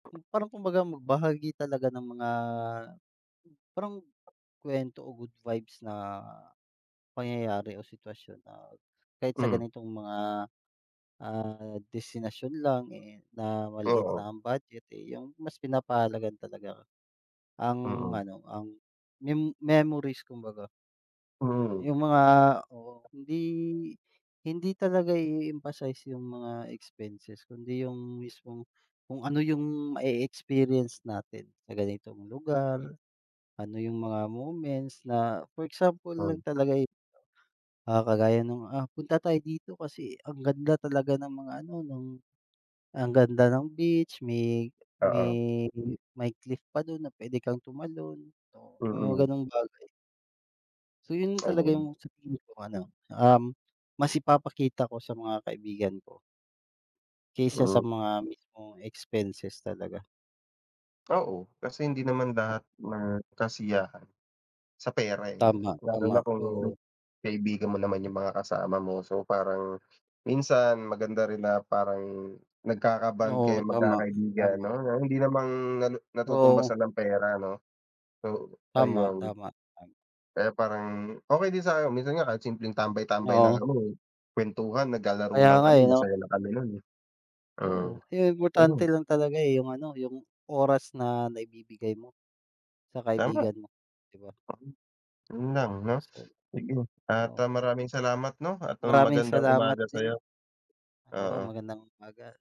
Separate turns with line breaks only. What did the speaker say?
Hmm, parang kumbaga magbahagi talaga ng mga, parang, kwento o good vibes na, pangyayari o sitwasyon na, kahit sa
Hmm.
ganitong mga, ah, destinasyon lang eh, na, maliit
Oo.
lang ang budget eh, yung mas pinapahalagahan talaga, ang
Mm.
ano, ang, mem memories kumbaga.
Mhm.
Yung mga oo hindi hindi talaga i-eemphasize yung mga expenses kundi yung mismong, kung ano yung mae-experience natin sa ganitong lugar, ano yung mga moments na for example lang
Oh.
talaga eh, ah, kagaya nung, ah, punta tayo dito kasi ang ganda talaga ng mga ano, ng ang ganda ng beach, may
Oo.
may may cliff pa dun na pwede kang tumalon, may mga
Mm.
ganong bagay. So yun talaga
Ayun.
yung sa tingin ko ano um, mas ipapakita ko sa mga kaibigan ko. Kaysa sa
Mm.
mga mismong expenses talaga.
Oo, kasi hindi naman lahat ng kasiyahan, sa pera eh, 'no, lalo
Tama-tama,
na kung,
oo.
kaibigan mo naman yung mga kasama mo so parang, minsan maganda rin na parang nagkaka-bond
Oo,
kayong
tama,
mag-kakaibigan
tama.
'no, hindi naman na
Oo.
natutumbasan ng pera 'no. So, ayun,
Tama-tama, tama.
kaya parang okey din sa akin, minsan nga kahit simpleng tambay-tambay lang
Oo.
noon eh, kwentuhan, naglalaro
Kaya
lang
nga
kami
eh, 'no.
masaya na kami nun eh. Mm,
Oo, ayun
mhm.
importante lang talaga eh, yung ano, yung oras na naibibigay mo, sa
Tama.
kaibigan mo, di ba?
Yun lang 'no?
So
Mm at
oo.
ah, maraming salamat 'no at um,
Maraming
magandang
salamat
umaga
din.
sa'yo.
Oo
Oo.
magandang umaga.